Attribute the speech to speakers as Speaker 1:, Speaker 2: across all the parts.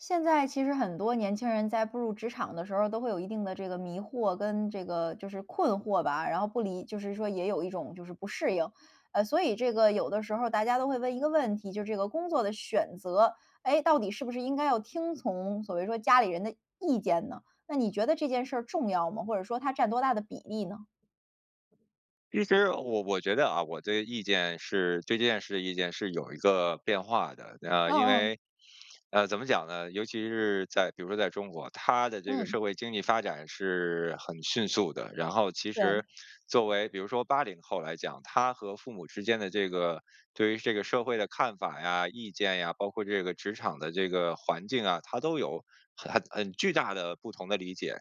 Speaker 1: 现在其实很多年轻人在步入职场的时候儿，都会有一定的这个迷惑跟这个就是困惑吧，然后不理就是说也有一种就是不适应。呃，所以这个有的时候，大家都会问一个问题，就这个工作的选择，诶，到底是不是应该要听从所谓说家里人的意见呢？那你觉得这件事儿重要吗？或者说它占多大的比例呢？
Speaker 2: 其实，呃，我我觉得啊，我的意见是对这件事的意见，是有一个变化的。呃，
Speaker 1: 嗯
Speaker 2: 因
Speaker 1: 嗯。
Speaker 2: 为，呃，怎么讲呢？尤其是在比如说在中国，它的这个
Speaker 1: 嗯。
Speaker 2: 社会经济发展是很迅速的。然后其实
Speaker 1: 对。
Speaker 2: 作为比如说80后来讲，他和父母之间的这个对于这个社会的看法呀、意见呀，包括这个职场的这个环境啊，他都有很很很巨大的不同的理解。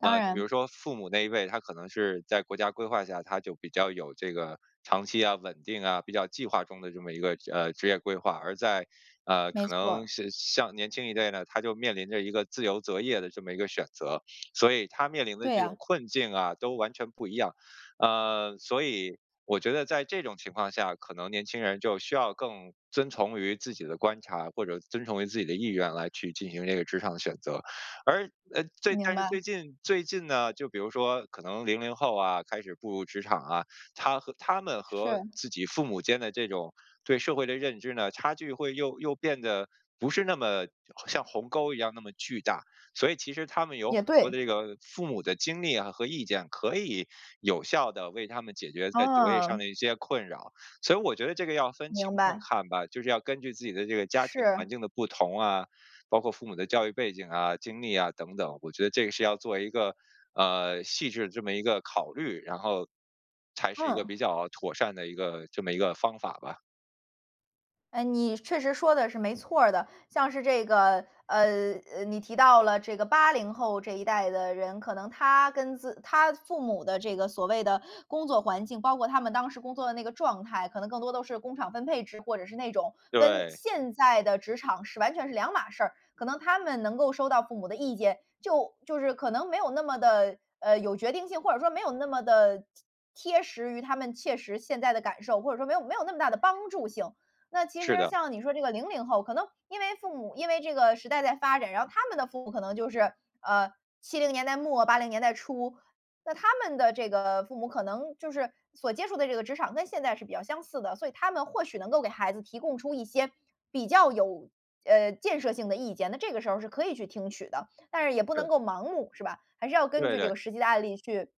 Speaker 1: 当
Speaker 2: 呃，就比如
Speaker 1: 然。
Speaker 2: 说父母那一辈，他可能是在国家规划下，他就比较有这个长期啊，稳定啊，比较计划中的这么一个，呃，职业规划。而在，呃，
Speaker 1: 没
Speaker 2: 可
Speaker 1: 错
Speaker 2: 能
Speaker 1: 儿。
Speaker 2: 像像年轻一代呢，他就面临着一个自由择业的这么一个选择。所以他面临的
Speaker 1: 对
Speaker 2: 这种
Speaker 1: 呀。
Speaker 2: 困境啊，都完全不一样。呃，所以我觉得在这种情况下，可能年轻人就需要更遵从于自己的观察，或者遵从于自己的意愿，来去进行这个职场的选择。而呃，最
Speaker 1: 明
Speaker 2: 但是
Speaker 1: 白。
Speaker 2: 最近最近呢，就比如说可能00后啊，开始步入职场啊，他和他们和
Speaker 1: 是。
Speaker 2: 自己父母间的这种对社会的认知呢，差距会又又变得不是那么像鸿沟一样那么巨大。所以其实他们有
Speaker 1: 也
Speaker 2: 很多
Speaker 1: 对。
Speaker 2: 的这个父母的经历啊，和意见，可以有效地为他们解决在择业上
Speaker 1: 哦。
Speaker 2: 的一些困扰。所以我觉得这个要分情
Speaker 1: 明
Speaker 2: 况
Speaker 1: 白。
Speaker 2: 看吧，就是要根据自己的这个家庭
Speaker 1: 是。
Speaker 2: 环境的不同啊，包括父母的教育背景啊、经历啊，等等。我觉得这个是要做一个，呃，细致的这么一个考虑。然后，才是一个
Speaker 1: 嗯。
Speaker 2: 比较妥善的一个这么一个方法吧。
Speaker 1: 哎，你确实说的是没错儿的。像是这个，呃呃，你提到了这个80后这一代的人，可能他跟自他父母的这个所谓的工作环境，包括他们当时工作的那个状态，可能更多都是工厂分配制，或者是那种跟
Speaker 2: 对。
Speaker 1: 现在的职场是完全是两码事儿。可能他们能够收到父母的意见，就就是可能没有那么地，呃，有决定性，或者说没有那么地贴贴实于他们切实现在的感受，或者说没有没有那么大的帮助性。那其
Speaker 2: 是
Speaker 1: 实
Speaker 2: 的。
Speaker 1: 像你说这个00后可能因为父母因为这个时代在发展，然后他们的父母可能就是，呃，70年代末80年代初。那他们的这个父母可能就是所接触的这个职场跟现在是比较相似的，所以他们或许能够给孩子提供出一些比较有，呃，建设性的意见，那这个时候是可以去听取的。但是也不
Speaker 2: 对。
Speaker 1: 能够盲目是吧，还是要根
Speaker 2: 对
Speaker 1: 据这
Speaker 2: 对。
Speaker 1: 个实际的案例去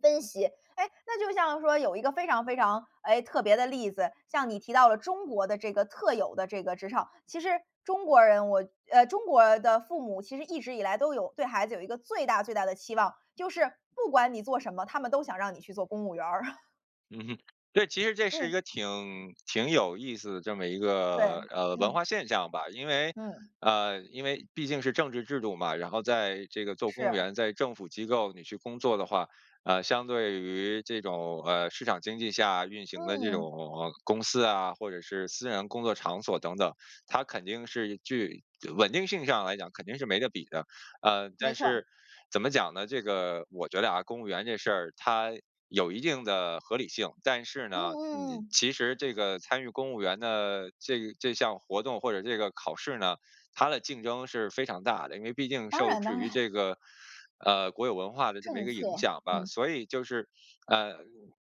Speaker 1: 分析。哎，那就像说有一个非常非常，哎，特别的例子。像你提到了中国的这个特有的这个职场，其实中国人，我呃，中国的父母其实一直以来都有对孩子有一个最大最大的期望，就是不管你做什么，他们都想让你去做公务员儿。
Speaker 2: 嗯哼。对，其实这是一
Speaker 1: 嗯。
Speaker 2: 个挺挺有意思的这么一个，
Speaker 1: 对，
Speaker 2: 呃，文化
Speaker 1: 嗯。
Speaker 2: 现象吧。因为，
Speaker 1: 嗯。
Speaker 2: 呃，因为毕竟是政治制度嘛，然后在这个做公务
Speaker 1: 是。
Speaker 2: 员在政府机构你去工作的话，呃，相对于这种，呃，市场经济下运行的这
Speaker 1: 嗯。
Speaker 2: 种公司啊，或者是私人工作场所等等，它肯定是具稳定性上来讲，肯定是没得比的。呃，
Speaker 1: 没
Speaker 2: 但
Speaker 1: 错儿。
Speaker 2: 是，怎么讲呢？这个我觉得啊，公务员这事儿，它有一定的合理性，但是
Speaker 1: 嗯
Speaker 2: 呢，
Speaker 1: 嗯
Speaker 2: 你
Speaker 1: 嗯。
Speaker 2: 其实这个参与公务员的这这项活动或者这个考试呢，它的竞争是非常大的。因为毕竟
Speaker 1: 当
Speaker 2: 受
Speaker 1: 然
Speaker 2: 制
Speaker 1: 当
Speaker 2: 于
Speaker 1: 然。
Speaker 2: 这个，呃，国有文化的这么一
Speaker 1: 政
Speaker 2: 个影
Speaker 1: 策，
Speaker 2: 响吧。
Speaker 1: 嗯。
Speaker 2: 所以就是，呃，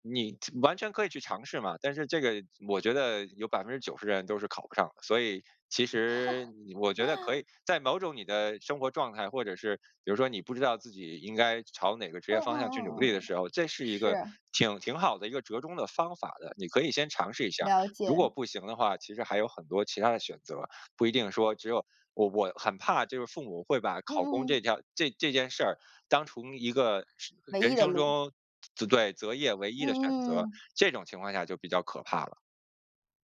Speaker 2: 你其完全可以去尝试嘛，但是这个，我觉得有90%的人都是考不上的。所以其实 你我觉得可以在某种你的生活状态，或者是，比如说你不知道自己应该朝哪个职
Speaker 1: 嗯
Speaker 2: 业
Speaker 1: 嗯
Speaker 2: 方向去努
Speaker 1: 嗯
Speaker 2: 力的
Speaker 1: 嗯嗯，
Speaker 2: 时候，这是一个
Speaker 1: 是。
Speaker 2: 挺挺好的一个折中的方法的，你可以先尝试一下。
Speaker 1: 了
Speaker 2: 如果
Speaker 1: 解。
Speaker 2: 不行的话，其实还有很多其他的选择，不一定说只有我我很怕就是父母会把
Speaker 1: 嗯
Speaker 2: 考公
Speaker 1: 嗯
Speaker 2: 这
Speaker 1: 嗯。
Speaker 2: 条这这件事儿当成一个生
Speaker 1: 唯
Speaker 2: 人
Speaker 1: 一的
Speaker 2: 生
Speaker 1: 路。
Speaker 2: 中择择对，择业唯一
Speaker 1: 嗯
Speaker 2: 的选
Speaker 1: 嗯
Speaker 2: 择，
Speaker 1: 嗯。
Speaker 2: 这种情况下就比较可怕了。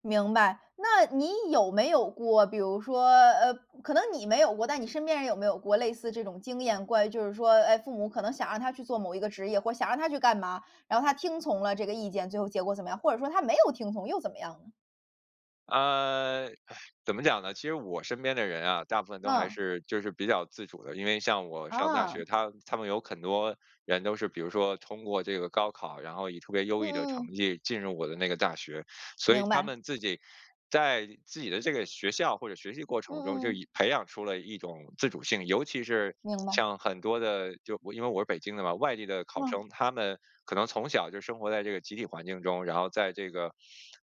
Speaker 1: 明白。那你有没有过，比如说，呃，可能你没有过，但你身边人有没有过类似这种经验。关于就是说，哎，父母可能想让他去做某一个职业，或想让他去干嘛，然后他听从了这个意见，最后结果怎么样？或者说他没有听从又怎么样呢？
Speaker 2: 呃，怎么讲呢？其实我身边的人啊，大部分都还
Speaker 1: 嗯。
Speaker 2: 是就是比较自主的。因为像我上大学，
Speaker 1: 哦。
Speaker 2: 他他们有很多人都是，比如说通过这个高考，然后以特别优
Speaker 1: 嗯
Speaker 2: 异的成
Speaker 1: 嗯。
Speaker 2: 绩进入我的那个大学。所以
Speaker 1: 明
Speaker 2: 他
Speaker 1: 白。
Speaker 2: 们自己，在自己的这个学校或者学习过
Speaker 1: 嗯
Speaker 2: 程中，
Speaker 1: 嗯
Speaker 2: 就
Speaker 1: 嗯。
Speaker 2: 已培养出了一种自主性。尤其是
Speaker 1: 明白。
Speaker 2: 像很多的，就因为我是北京的嘛，外地的考
Speaker 1: 哇。
Speaker 2: 生，他们可能从小就生活在这个集体环境中，然后在这个，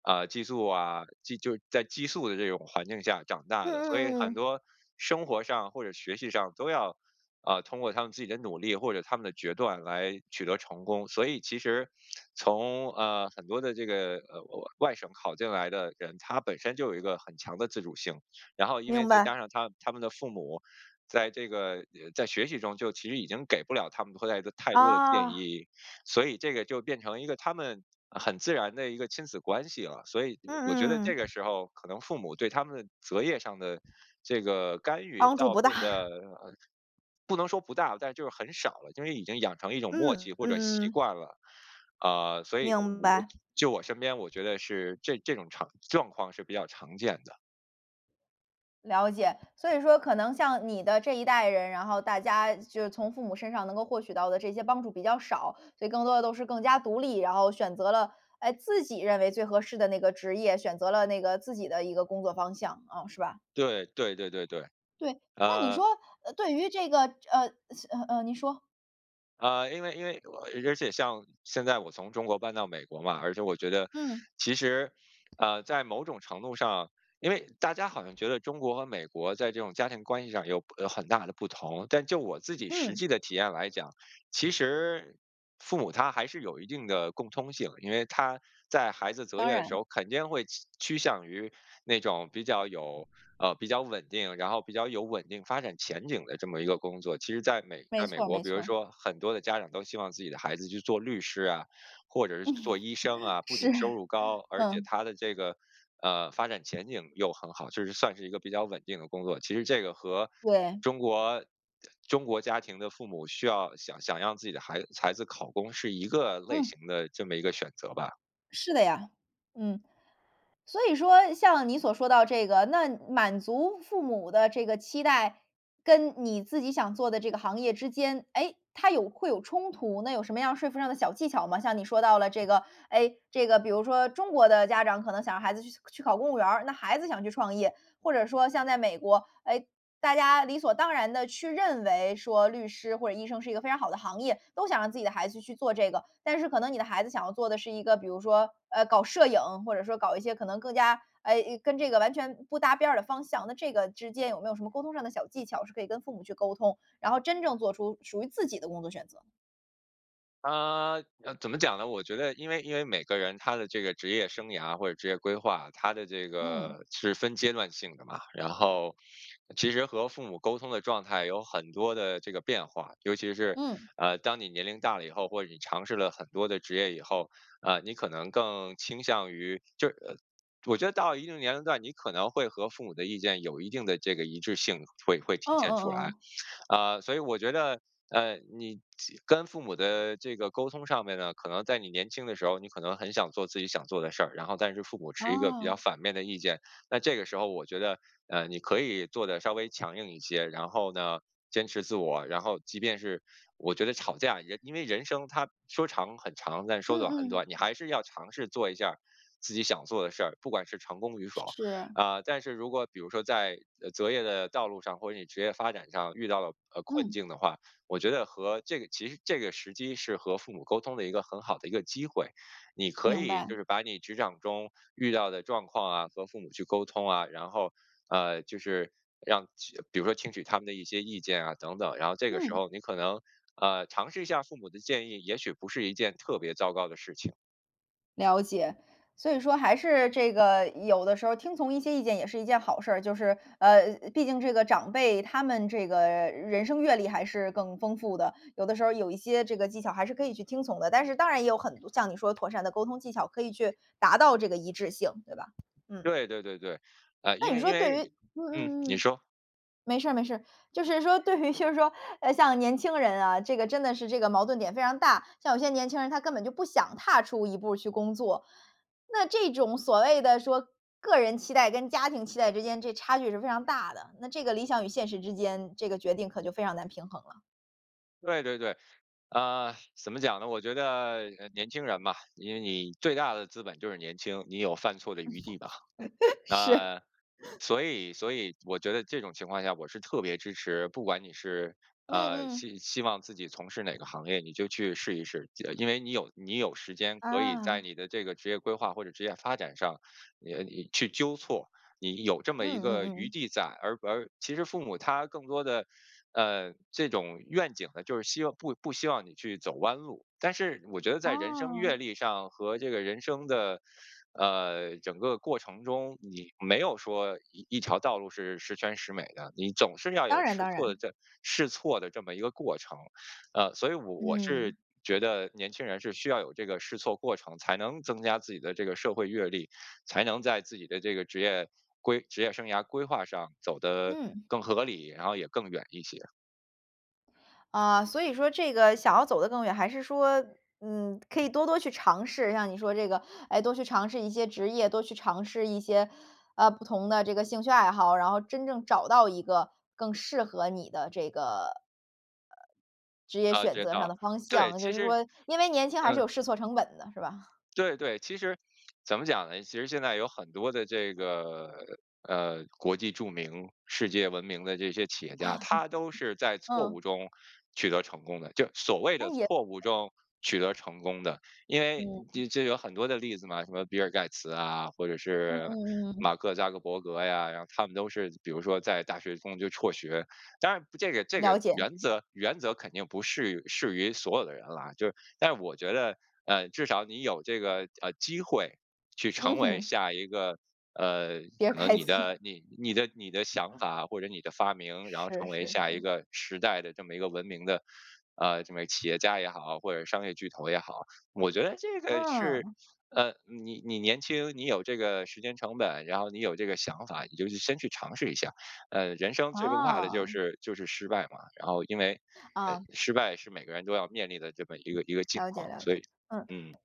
Speaker 2: 啊，寄宿啊，寄就在寄宿的这种环境下长大
Speaker 1: 嗯
Speaker 2: 的。所
Speaker 1: 嗯
Speaker 2: 以
Speaker 1: 嗯
Speaker 2: 很
Speaker 1: 嗯。
Speaker 2: 多生活上或者学习上都要，呃，通过他们自己的努力，或者他们的决断来取得成功。所以其实从，呃，很多的这个，呃呃，外省考进来的人，他本身就有一个很强的自主性。然后因为
Speaker 1: 明
Speaker 2: 再
Speaker 1: 白。
Speaker 2: 加上他他们的父母，在这个呃，在学习中，就其实已经给不了他们的后代就太多的建
Speaker 1: 啊。
Speaker 2: 议，所以这个就变成了一个他们很自然的一个亲子关系了。所以，
Speaker 1: 嗯
Speaker 2: 我觉得
Speaker 1: 嗯
Speaker 2: 这
Speaker 1: 嗯
Speaker 2: 个
Speaker 1: 嗯。
Speaker 2: 时候，可能父母对他们的择业上的这个干预
Speaker 1: 帮助
Speaker 2: 倒
Speaker 1: 不大。
Speaker 2: 变得，嗯，不能说不大，但就很少了，因为已经养成一种
Speaker 1: 嗯，
Speaker 2: 默契
Speaker 1: 嗯
Speaker 2: 或者
Speaker 1: 嗯
Speaker 2: 习
Speaker 1: 嗯。
Speaker 2: 惯了。嗯，所以我
Speaker 1: 明
Speaker 2: 我
Speaker 1: 白。
Speaker 2: 就我身边，我觉得是这这种场状况是比较常见的。
Speaker 1: 了解。所以说可能像你的这一代人，然后大家就是从父母身上能够获取到的这些帮助比较少，所以更多的都是更加独立，然后选择了，哎，自己认为最合适的那个职业，选择了那个自己的一个工作方向。嗯，是吧？
Speaker 2: 对，对对对对，
Speaker 1: 对，那你
Speaker 2: 呃
Speaker 1: 说，呃，对于这个呃，次呃，呃，你说。
Speaker 2: 呃，因为因为，而而且像现在我从中国搬到美国嘛，而且我觉得，
Speaker 1: 嗯。
Speaker 2: 其实，呃，在某种程度上因为大家好像觉得中国和美国在这种家庭关系上有有很大的不同。但就我自己实
Speaker 1: 嗯。
Speaker 2: 际的体验来讲，其实，父母他还是有一定的共通性。因为他在孩子择
Speaker 1: 当
Speaker 2: 业的时
Speaker 1: 然。
Speaker 2: 候，肯定会趋趋向于那种比较有呃，比较稳定，然后比较有稳定发展前景的这么一个工作。其实在美
Speaker 1: 没
Speaker 2: 在美
Speaker 1: 错儿
Speaker 2: 国，
Speaker 1: 没
Speaker 2: 比如
Speaker 1: 错儿。
Speaker 2: 说很多的家长，都希望自己的孩子去做律师啊，或者是去做医生 啊，不仅
Speaker 1: 是，
Speaker 2: 收入高，而且
Speaker 1: 嗯。
Speaker 2: 他的这个，呃，发展前景又很好，就是算是一个比较稳定的工作。其实这个和
Speaker 1: 对。
Speaker 2: 中国中国家庭的父母需要想想让自己的孩孩子考公是一个类
Speaker 1: 嗯。
Speaker 2: 型的这么一个选择吧。
Speaker 1: 是的呀，嗯。所以说像你所说到这个，那满足父母的这个期待，跟你自己想做的这个行业之间，诶，它有会有冲突，那有什么样说服上的小技巧吗？像你说到了这个，诶，这个比如说中国的家长，可能想让孩子去去考公务员儿，那孩子想去创业。或者说像在美国，哎，大家理所当然地去认为说，律师或者医生是一个非常好的行业，都想让自己的孩子去做这个。但是可能你的孩子想要做的是一个，比如说，呃，搞摄影，或者说搞一些可能更加，哎，诶，跟这个完全不搭边儿的方向。那这个之间有没有什么沟通上的小技巧，是可以跟父母去沟通，然后真正做出属于自己的工作选择？
Speaker 2: 嗯。呃，怎么讲呢？我觉得因为因为每个人他的这个职业生涯或者职业规划，他的这
Speaker 1: 嗯。
Speaker 2: 个是分阶段性的嘛，然后其实和父母沟通的状态有很多的这个变化。尤其是，
Speaker 1: 嗯。
Speaker 2: 呃，当你年龄大了以后，或者你尝试了很多的职业以后，呃，你可能更倾向于就呃，我觉得到了一定年龄段，你可能会和父母的意见，有一定的这个一致性会会
Speaker 1: 嗯
Speaker 2: 体现出
Speaker 1: 嗯
Speaker 2: 来。
Speaker 1: 嗯。
Speaker 2: 呃，所以我觉得，嗯，你其跟父母的这个沟通上面呢，可能在你年轻的时候，你可能很想做自己想做的事儿，然后但是父母持一个比较
Speaker 1: 哦。
Speaker 2: 反面的意见。那这个时候我觉得，呃，你可以做得稍微强硬一些，然后呢，坚持自我，然后即便是我觉得吵架也因为人生，它说长很长，但是说
Speaker 1: 嗯
Speaker 2: 短很
Speaker 1: 嗯。
Speaker 2: 短，你还是要尝试做一下儿自己想做的事儿，不管是成功与否。
Speaker 1: 是。
Speaker 2: 嗯，但是如果比如说在择业的道路上，或者你职业发展上遇到了，呃，困
Speaker 1: 嗯。
Speaker 2: 境的话，我觉得和这个其实这个时机是和父母沟通的一个很好的一个机会。你可
Speaker 1: 明
Speaker 2: 以
Speaker 1: 白。
Speaker 2: 就是把你职场中遇到的状况啊，和父母去沟通啊，然后，呃，就是让去比如说听取他们的一些意见啊，等等，然后这个时
Speaker 1: 嗯。
Speaker 2: 候你可能，呃，尝试一下父母的建议，也许不是一件特别糟糕的事情。
Speaker 1: 了解。所以说还是这个有的时候听从一些意见也是一件好事儿，就是，呃，毕竟这个长辈他们这个人生阅历还是更丰富的，有的时候有一些这个技巧还是可以去听从的。但是当然也有很多像你说的妥善的沟通技巧，可以去达到这个一致性，对吧？嗯。
Speaker 2: 对对对对。呃，因
Speaker 1: 那你
Speaker 2: 为因
Speaker 1: 说对于
Speaker 2: 为
Speaker 1: 嗯
Speaker 2: 嗯，
Speaker 1: 嗯
Speaker 2: 你
Speaker 1: 嗯。
Speaker 2: 说。
Speaker 1: 没事没事。就是说，对于就是说，呃，像年轻人啊，这个真的是这个矛盾点非常大，像有些年轻人他根本就不想踏出一步去工作。那这种所谓的说个人期待，跟家庭期待之间，这差距是非常大的，那这个理想与现实之间，这个决定可就非常难平衡了。
Speaker 2: 对对对。嗯，怎么讲呢？我觉得，呃，年轻人吧，因为你最大的资本就是年轻，你有犯错的余地吧。
Speaker 1: 是。
Speaker 2: 嗯，所以所以，我觉得这种情况下，我是特别支持不管你是，
Speaker 1: 嗯
Speaker 2: 呃，
Speaker 1: 嗯。
Speaker 2: 希希望自己从事哪个行业，你就去试一试。记得因为你有你有时间，可以在
Speaker 1: 啊。
Speaker 2: 你的这个职业规划或者职业发展上，你你去纠错，你有这么
Speaker 1: 嗯
Speaker 2: 一
Speaker 1: 嗯
Speaker 2: 个
Speaker 1: 嗯
Speaker 2: 余
Speaker 1: 嗯。
Speaker 2: 地在。而而其实父母他更多的，呃，这种愿景呢，就是希望不不希望你去走弯路。但是我觉得在人生阅
Speaker 1: 哦。
Speaker 2: 历上和这个人生的，呃，整个过程中，你没有说一一条道路是十全十美的，你总是要有
Speaker 1: 当然
Speaker 2: 试
Speaker 1: 当
Speaker 2: 错的
Speaker 1: 然。
Speaker 2: 这试错的这么一个过程。嗯，所以我我是
Speaker 1: 嗯。
Speaker 2: 觉得年轻人是需要有这个试错过程，才能增加自己的这个社会阅历，才能在自己的这个职业规职业生涯规划上走得
Speaker 1: 嗯。
Speaker 2: 更合理，然后也更远一些。
Speaker 1: 呃，所以说这个想要走得更远，还是说，嗯，可以多多去尝试。像你说这个，哎，多去尝试一些职业，多去尝试一些，呃，不同的这个兴趣爱好，然后真正找到一个更适合你的这个呃，职业
Speaker 2: 啊，
Speaker 1: 选
Speaker 2: 知
Speaker 1: 择上
Speaker 2: 道。
Speaker 1: 的方
Speaker 2: 对，
Speaker 1: 向。就
Speaker 2: 其
Speaker 1: 是
Speaker 2: 实
Speaker 1: 说因为年 轻还是
Speaker 2: 嗯。
Speaker 1: 有试错成本的，是吧？
Speaker 2: 对对，其实，怎么讲呢？其实现在有很多的这个，嗯，国际著名、世界闻名的这些企业家，他都是 在错
Speaker 1: 嗯。
Speaker 2: 误中取得成功的就所谓
Speaker 1: 那
Speaker 2: 的
Speaker 1: 也
Speaker 2: 错误中取得成功的。因为
Speaker 1: 嗯。
Speaker 2: 你这有很多的例子嘛，什么比尔盖茨啊，或者
Speaker 1: 嗯
Speaker 2: 是
Speaker 1: 嗯嗯嗯。
Speaker 2: 马克扎克伯格呀，然后他们都是比如说在大学中就辍学。当然不这个这个
Speaker 1: 了解。
Speaker 2: 原则原则肯定不适于适于所有的人了啊，就是，但我觉得，呃，至少你有这个，呃，机会去成
Speaker 1: 嗯
Speaker 2: 为
Speaker 1: 哼。
Speaker 2: 下一个呃，
Speaker 1: 比尔
Speaker 2: 可能
Speaker 1: 盖
Speaker 2: 你
Speaker 1: 茨。
Speaker 2: 的你你的你的想法或者你的发明，然后
Speaker 1: 是
Speaker 2: 成为
Speaker 1: 是
Speaker 2: 下一
Speaker 1: 是。
Speaker 2: 个时代的这么一个闻名的，呃，什么企业家也好或者商业巨头也好。我觉得这个是，
Speaker 1: 嗯。
Speaker 2: 呃，你你年轻，你有这个时间成本，然后你有这个想法，你就先去尝试一下。呃，人生最不怕的就
Speaker 1: 啊。
Speaker 2: 是就是失败嘛，然后因为，呃，
Speaker 1: 啊。
Speaker 2: 失败是每个人都要面临的这么一个一个境
Speaker 1: 了解
Speaker 2: 况，
Speaker 1: 了
Speaker 2: 所
Speaker 1: 解，
Speaker 2: 以
Speaker 1: 嗯。
Speaker 2: 嗯。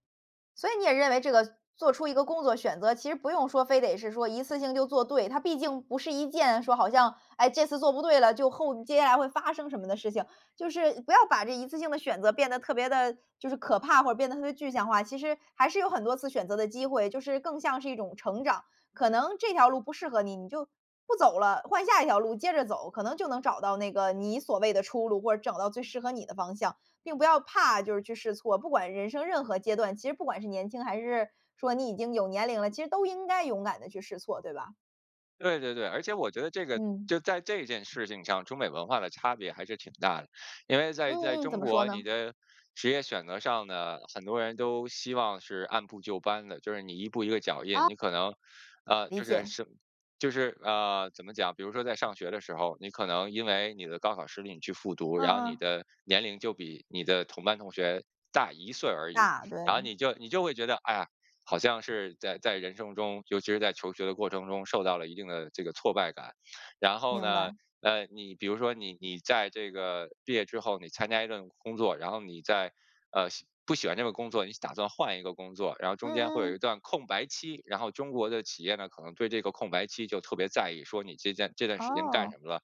Speaker 1: 所以你也认为这个做出一个工作选择，其实不用说非得是说一次性就做对。它毕竟不是一件说好像，哎，这次做不对了，就后接下来会发生什么的事情。就是不要把这一次性的选择变得特别地，就是可怕或者变得特别具象化。其实还是有很多次选择的机会，就是更像是一种成长，可能这条路不适合你，你就不走了，换下一条路接着走，可能就能找到那个你所谓的出路，或者找到最适合你的方向。并不要怕就是去试错，不管人生任何阶段，其实不管是年轻，还是说你已经有年龄了，其实都应该勇敢地去试错，对吧？
Speaker 2: 对对对，而且我觉得这个
Speaker 1: 嗯。
Speaker 2: 就在这件事情上，中美文化的差别还是挺大的。因为在在
Speaker 1: 嗯嗯，怎
Speaker 2: 中
Speaker 1: 么说
Speaker 2: 国，你
Speaker 1: 呢？
Speaker 2: 的职业选择上呢，很多人都希望是按部就班的。就是你一步一个脚印
Speaker 1: 哦。
Speaker 2: 你可能，呃，
Speaker 1: 理
Speaker 2: 就是
Speaker 1: 解。
Speaker 2: 是就是，呃，怎么讲，比如说在上学的时候，你可能因为你的高考失利你去复读，然后
Speaker 1: 嗯
Speaker 2: 你
Speaker 1: 嗯。
Speaker 2: 的年龄就比你的同班同学大一岁而已。
Speaker 1: 大，
Speaker 2: 然后
Speaker 1: 对。
Speaker 2: 你就你就会觉得，哎呀，好像是在在人生中，尤其是在求学的过程中，受到了一定的这个挫败感。然后
Speaker 1: 明
Speaker 2: 呢，
Speaker 1: 白。
Speaker 2: 呃，你比如说你你在这个毕业之后，你参加一份工作，然后你再呃，喜不喜欢这个工作，你打算换一个工作，然后中间会
Speaker 1: 嗯
Speaker 2: 有一
Speaker 1: 嗯。
Speaker 2: 段空白期，然后中国的企业呢，可能对这个空白期就特别在意，说你这站这段时间干
Speaker 1: 哦。
Speaker 2: 什么了？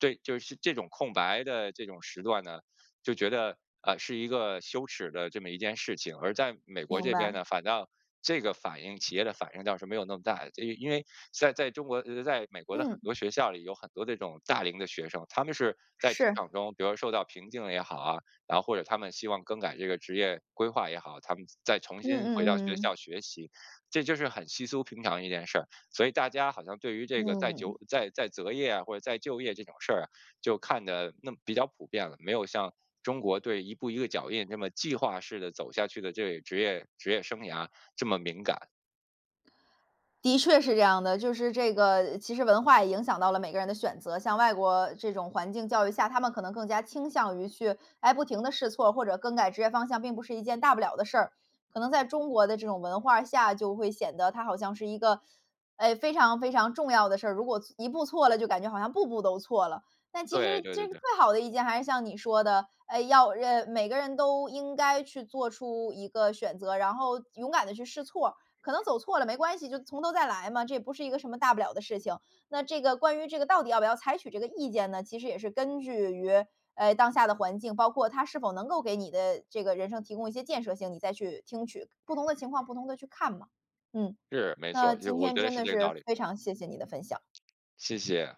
Speaker 2: 对，就是这种空白的这种时段呢就觉得，呃，是一个羞耻的这么一件事情。而在美国
Speaker 1: 明
Speaker 2: 这边
Speaker 1: 白。
Speaker 2: 呢，反倒这个反应企业的反应，倒是没有那么大的，它因因为在在中国呃-呃，在美国的很
Speaker 1: 嗯。
Speaker 2: 多学校里，有很多这种大龄的学生，他们是在职
Speaker 1: 是。
Speaker 2: 场中，比如受到瓶颈也好，啊，然后，或者他们希望更改这个职业规划也好，他们再重
Speaker 1: 嗯
Speaker 2: 新回
Speaker 1: 嗯
Speaker 2: 到
Speaker 1: 嗯
Speaker 2: 学
Speaker 1: 嗯。
Speaker 2: 校学习，这就是很稀疏平常的一件事。所以大家好像对于这个再
Speaker 1: 嗯。
Speaker 2: 就再再择业啊，或者再就业这种事儿，就看得那么比较普遍了，没有像中国对一步一个脚印，这么计划式地走下去的这个职业职业生涯这么敏感。
Speaker 1: 的确是这样的。就是这个，其实文化也影响到了每个人的选择。像外国这种环境教育下，他们可能更加倾向于去，哎，不停地试错儿，或者更改职业方向，并不是一件大不了的事儿。可能在中国的这种文化下，就会显得它好像是一个，哎，非常非常重要的事儿，如果错一步错了，就感觉好像步步都错了。但其
Speaker 2: 对
Speaker 1: 实
Speaker 2: 对对
Speaker 1: 这个
Speaker 2: 对。
Speaker 1: 最好的一件，还是像你说的哎，要，人呃，每个人都应该去做出一个选择，然后勇敢地去试错，可能走错了没关系，就从头再来嘛，这也不是一个什么大不了的事情。那这个关于这个到底要不要采取这个意见呢？其实也是根据于，哎，当下的环境，包括它是否能够给你的这个人生提供一些建设性，你再去听取。不同的情况不同地去看嘛，嗯。
Speaker 2: 是，没错
Speaker 1: 那
Speaker 2: 儿，就是
Speaker 1: 今
Speaker 2: 我
Speaker 1: 天
Speaker 2: 觉得
Speaker 1: 真
Speaker 2: 是
Speaker 1: 的
Speaker 2: 这个道
Speaker 1: 是，
Speaker 2: 理。
Speaker 1: 非常谢谢你的分享。
Speaker 2: 谢谢。